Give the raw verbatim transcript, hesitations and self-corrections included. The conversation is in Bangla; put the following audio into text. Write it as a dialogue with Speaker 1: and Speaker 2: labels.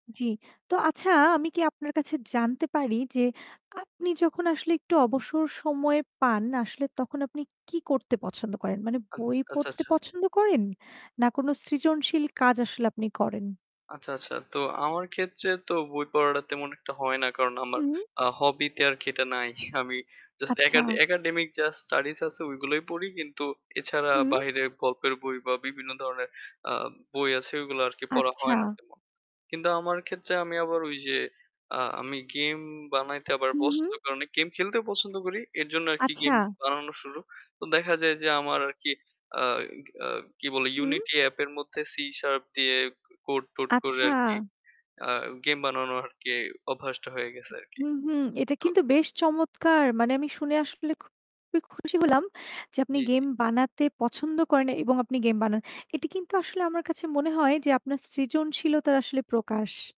Speaker 1: জি। তো আচ্ছা আমি কি আপনার কাছে জানতে পারি যে, আপনি যখন আসলে একটু অবসর সময়ে পান আসলে তখন আপনি কি করতে পছন্দ করেন? মানে
Speaker 2: আ
Speaker 1: বই
Speaker 2: আচ্ছা,
Speaker 1: পড়তে
Speaker 2: আচ্ছা।
Speaker 1: পছন্দ করেন না কোনো সৃজনশীল কাজ আসলে আপনি করেন?
Speaker 2: আচ্ছা, আচ্ছা। তো আমার ক্ষেত্রে তো বই পড়াডা তেমন একটা হয় না। কারণ আমার
Speaker 1: হুম।
Speaker 2: আ hobby তে আরকি এটা নাই। আমি just
Speaker 1: আচ্ছা।
Speaker 2: একাডে একাডেমিক যা studies আছে ওইগুলোই পড়ি। কিন্তু এছাড়া
Speaker 1: হুম।
Speaker 2: বাহিরে গল্পের বই বা বিভিন্ন ধরনের আ বই আছে ওইগুলা আরকি পড়া হয়
Speaker 1: আচ্ছা।
Speaker 2: না তেমন। কিন্তু আমার ক্ষেত্রে আমি আবার ওইযে, আ আমি game বানাইতে আবার
Speaker 1: হুম,
Speaker 2: পছন্দ
Speaker 1: হুম।
Speaker 2: [unintelligible] আমি game খেলতেও পছন্দ করি। এর জন্য আরকি
Speaker 1: আচ্ছা।
Speaker 2: game বানানো শুরু। তো দেখা যায় যে, আমার আরকি আ এ আ কি বলে
Speaker 1: হুম।
Speaker 2: Unity app এর মধ্যে C sharp দিয়ে code-টোড করে
Speaker 1: আচ্ছা।
Speaker 2: আরকি, আ game বানানো আরকি অভ্যাসটা হয়ে গেছে আরকি।
Speaker 1: উম হুম, হুম। এটা
Speaker 2: তো
Speaker 1: কিন্তু বেশ চমৎকার। মানে আমি শুনে আসলে খুবই খুশি হলাম যে আপনি
Speaker 2: জি,
Speaker 1: গেম
Speaker 2: জি।
Speaker 1: বানাতে পছন্দ করেন এবং আপনি গেম বানান। এটি কিন্তু আসলে আমার কাছে মনে হয় যে আপনার সৃজনশীলতার আসলে প্রকাশ।